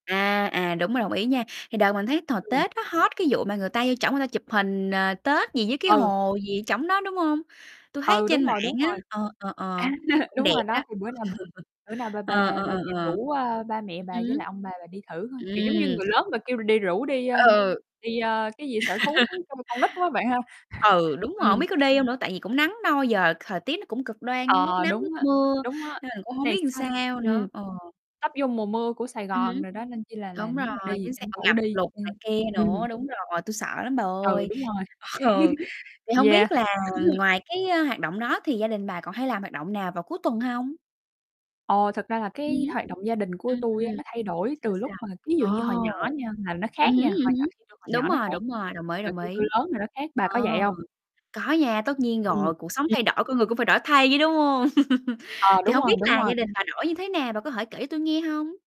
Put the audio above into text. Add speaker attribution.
Speaker 1: À, à, đúng rồi, đồng ý nha. Thì đợt mình thấy hồi
Speaker 2: Ừm.
Speaker 1: Tết nó hot cái vụ mà người ta vô trỏng người ta chụp hình, ờ, Tết gì với cái
Speaker 2: Ừ.
Speaker 1: hồ gì ở trỏng đó, đúng hông? Tui thấy
Speaker 2: Ừ, đúng
Speaker 1: trên mạng
Speaker 2: rồi, đúng
Speaker 1: á,
Speaker 2: rồi.
Speaker 1: ờ, ờ, ờ, chắc
Speaker 2: A,
Speaker 1: cũng
Speaker 2: đúng
Speaker 1: đẹp
Speaker 2: rồi
Speaker 1: đó.
Speaker 2: đó, thì bữa nào mà bữa nào bà
Speaker 1: Ờ,
Speaker 2: bà
Speaker 1: ờ,
Speaker 2: bà
Speaker 1: ờ,
Speaker 2: dậy
Speaker 1: ờ.
Speaker 2: rủ, à, ba mẹ
Speaker 1: Ừm,
Speaker 2: bà với
Speaker 1: ừm.
Speaker 2: lại ông bà bà đi thử thôi, kiểu giống như
Speaker 1: Ừm.
Speaker 2: người lớn mà kêu đi rủ đi, a,
Speaker 1: Ừ.
Speaker 2: đi, a, cái gì sở thú thú kêu con nít quá bạn ha.
Speaker 1: Ừ, đúng rồi, hông
Speaker 2: Ừm.
Speaker 1: biết có đi hông nữa? Tại vì cũng nắng nôi, giờ thời tiết nó cũng cực đoan, giống lúc
Speaker 2: Ờ,
Speaker 1: nắng
Speaker 2: đúng
Speaker 1: lúc
Speaker 2: á,
Speaker 1: mưa,
Speaker 2: đúng á.
Speaker 1: nên mình cũng không
Speaker 2: Này
Speaker 1: biết làm
Speaker 2: sao s
Speaker 1: sao
Speaker 2: ừm,
Speaker 1: nữa, ờ.
Speaker 2: sắp vô mùa mưa của Sài
Speaker 1: Ừm
Speaker 2: Gòn
Speaker 1: hứm.
Speaker 2: rồi đó nên chi là là
Speaker 1: Đúng rồi,
Speaker 2: nếu mà đi thì
Speaker 1: chính xác,
Speaker 2: tranh
Speaker 1: ờ,
Speaker 2: thủ
Speaker 1: ngập
Speaker 2: đi,
Speaker 1: lụt này kia
Speaker 2: ừm. Ừm.
Speaker 1: nữa, đúng rồi, tui sợ lắm bà
Speaker 2: Ừ,
Speaker 1: ơi.
Speaker 2: đúng rồi.
Speaker 1: Ừ, thì không
Speaker 2: Yeah,
Speaker 1: biết là
Speaker 2: ừm hừm.
Speaker 1: ngoài cái, a, hoạt động đó thì gia đình bà còn hay làm hoạt động nào vào cuối tuần hông?
Speaker 2: Ờ, thật ra là
Speaker 1: Ừm
Speaker 2: cái
Speaker 1: hứm.
Speaker 2: hoạt động gia đình của
Speaker 1: Ừm
Speaker 2: tui á
Speaker 1: hừm.
Speaker 2: nó thay đổi
Speaker 1: Sao,
Speaker 2: từ lúc
Speaker 1: sao?
Speaker 2: mà ví dụ như hồi
Speaker 1: Ồ.
Speaker 2: nhỏ nha là nó khác
Speaker 1: Ừm hứm,
Speaker 2: nha, hồi
Speaker 1: ừm
Speaker 2: nhỏ
Speaker 1: hứm.
Speaker 2: thì tui còn
Speaker 1: Đúng
Speaker 2: nhỏ nó
Speaker 1: rồi,
Speaker 2: khác,
Speaker 1: đúng rồi, đồng ý,
Speaker 2: rồi
Speaker 1: đồng
Speaker 2: khi tui
Speaker 1: ý.
Speaker 2: lớn thì nó khác, bà có
Speaker 1: Ờ,
Speaker 2: vậy hông?
Speaker 1: có nha, tất nhiên
Speaker 2: Ừm,
Speaker 1: rồi, cuộc sống
Speaker 2: ừm.
Speaker 1: thay đổi con người cũng phải đổi thay chứ, đúng hông?
Speaker 2: À,
Speaker 1: Thì
Speaker 2: đúng
Speaker 1: hông
Speaker 2: rồi,
Speaker 1: biết
Speaker 2: đúng
Speaker 1: là
Speaker 2: rồi.
Speaker 1: gia đình bà đổi như thế nào? Bà có thể kể cho tui nghe hông?